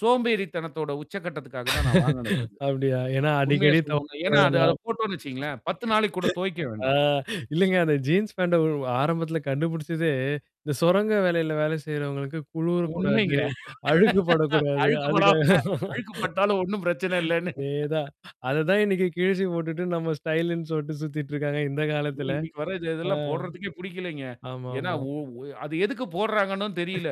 சோம்பேறித்தனத்தோட உச்ச கட்டத்துக்காக தான் நான் வாங்குனது அது. அப்டியா! ஏன்னா உண்மைய அடிக்கடி சொல்னோன்னா! தொவைக்க ஏன்னா அது அத வேணாம் போட்டோம்ன்னு வச்சுக்கோங்களேன். 10 நாளைக்கு கூட தொவய்க்க ஆ, வேண்டாம். இல்லைங்க அந்த ஜீன்ஸ் பேண்ட ஒரு ஆரம்பத்துல கண்டுபிடிச்சதே, இந்த சுரங்க வேலையில, வேலை செய்றவங்களுக்கு குளுரக்கூடாது, உண்மைங்க! அழுக்குப்படக்கூடாது. அதுக்காகதான். அழுக்குப்படாம அழுக்குப்பட்டாலும் ஒண்ணும் பிரச்சனை இல்லன்னு. அதேதான்! அதத்தான், இன்னைக்கு கிழிச்சி போட்டுட்டு, நம்ம ஸ்டைல்ன்னு சொல்லிட்டு சுத்திட்டு இருக்காங்க, இந்த காலத்துல. அதுவும் இன்னைக்கு வர இது ஆ, இதெல்லாம் போடுறதுக்கே புடிக்கலைங்க. ஏன்னா ஆமாமா. ஒ ஒ அது எதுக்கு போடுறாங்கன்னும் தெரியல.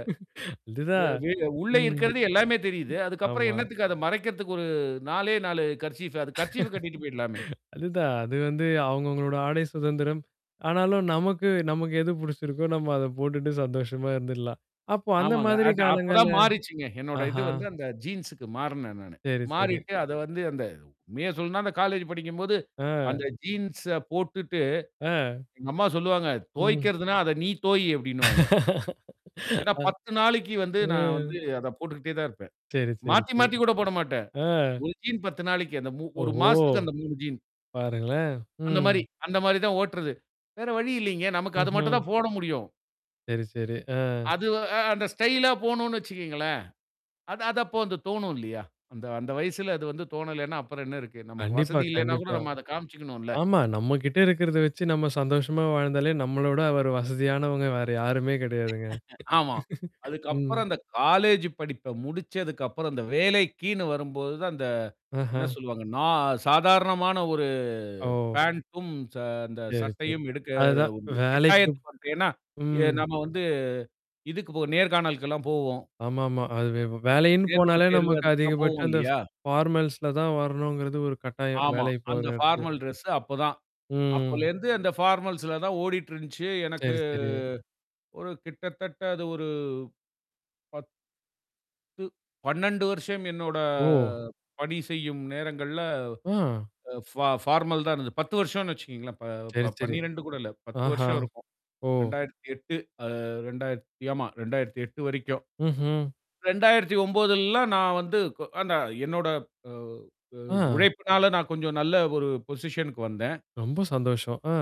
வெ அதுதான். வெ உள்ளே ம். இருக்கிறது எல்லாமே தெரியுது. அதுக்கப்பறம் ஆமா. என்னத்துக்கு அத மறைக்கிறதுக்கு ஒரு 4லே 4 கர்சீஃப்பு அது கர்சீஃப கட்டிட்டு போயிடுலாமே! அதுதான். அது வந்து அவுங்கவுங்களோட ஆடை சுதந்திரம். ஆனாலும் நமக்கு நமக்கு எது புடிச்சிருக்கோ! நம்ம அத போட்டுட்டு சந்தோஷமா இருந்துருல்லாம். அப்போ அந்த ஆமாங்க. மாதிரி அது அப்பதான் காலங்கள்ல மாறிச்சுங்க. என்னோட இது ஆஹா! வந்து, அந்த ஜீன்ஸ்க்கு மாறுனேன் நானு. சேரி, சேரி. மாறிட்டு அத வந்து அந்த உண்மைய சொல்லனும்னா, அந்த காலேஜ் படிக்கும்போது, ஆஹ். அந்த ஜீன்ஸ போட்டுட்டு ஆஹ். எங்க அம்மா சொல்லுவாங்க, ம். தோய்க்கறதுன்னா, அத நீ தோயி! அப்டின்னுவாங்க. என்னா, அஹ் 10 நாளைக்கு வந்து நான் ம். வந்து அத போட்டுக்கிட்டே தான் இருப்பேன். சேரி, சேரி, மாத்தி, சேரி. மாத்தி கூட போடமாட்டேன். ஆஹ். ஒரு ஜீன் 10 நாளைக்கு. அந்த மு ஒரு ஓஹோ! மாசத்துக்கு அந்த 3 ஜீன். பாருங்களேன்! அந்த ம். மாரி அந்த மாரி தான் ஓட்டுறது. வேற வழி இல்லைங்க. நமக்கு அது மட்டும் ம்ஹ்ம். தான் போட முடியும். சேரி, சேரி. ஆஹ்! அது அ அந்த ஸ்டைலா போணும்னு வச்சுக்கோங்களேன், அது அதப்போ அந்த தோணும் இல்லையா? அந்த அந்த வயசுல, அது வந்து தோணலைன்னா, அப்புறம் என்ன இருக்கு? நமக்கு கண்டிப்பா, வசதி இல்லைன்னா கூட கண்டிப்பா. நம்ம அத காமிச்சுக்கணும்ல! ஆமா! நம்மகிட்ட இருக்கிறத வச்சு நம்ம சந்தோஷமா வாழ்ந்தாலே நம்மளோட வேற வசதியானவங்க வேற யாருமே கிடையாதுங்க. ஆமா. ம். அதுக்கப்புறம் அந்த காலேஜ்ஜு படிப்ப முடிச்சதுக்கப்புறம், அந்த வேலைக்கின்னு வரும்போது தான், அந்த என்ன ஆஹ. சொல்லுவாங்க? நா சாதாரணமான ஒரு ஓ! பேண்டும், ச அந்த சேரி, சேரி. சட்டையும் எடுக்கற அதுதான். ஒரு வேலைக்கு கட்டாயத்துக்கு வந்துட்டேன் ஏன்னா? ஏ ம். நம்ம வந்து. இதுக்கு போ நேர்காணலுக்கெல்லாம் போவோம். ஆமாமா. அது வே வேலைன்னு நேர்முக போனாலே, தேர்வு, நமக்கு அதுக்கெல்லாம் போவோம் அதிகபட்சம் அந்த இல்லையா? ஃபார்மல்ஸ்ல தான் வரணுங்கிறது ஒரு கட்டாயம், ஆமா. வேலைக்கு போற அந்த எடத்துல. ஃபார்மல் ட்ரெஸ்ஸு அப்பதான் ம். அப்பலேந்து, அந்த ஃபார்மல்ஸ்ல தான் ஓடிட்டுருந்துச்சு. எனக்கு சேரி, சேரி. ஒரு கிட்டத்தட்ட அது ஒரு 10 12 வருஷம் என்னோட ஓ! பணி செய்யும் நேரங்கள்ல, ஆ! அ ஃபா ஃபார்மல் தான் இருந்தது. 10 வருஷம்னு வச்சுக்கோங்களேன். ப சேரி, ப சேரி. 12 கூட இல்ல. 10 ஆஹா! வருஷம் இருக்கும். ஓ. 2008 அ 2000த் ஆமா 2008 வரைக்கும். ம்ஹ்ம். 2009லலாம் நான் வந்து கொ நான் என்னோட அ அ ஆ. உழைப்பினால, நான் கொஞ்சம் நல்ல ஒரு பொசிஷன்குக்கு வந்தேன். ரொம்ப சந்தோஷம். ஆ!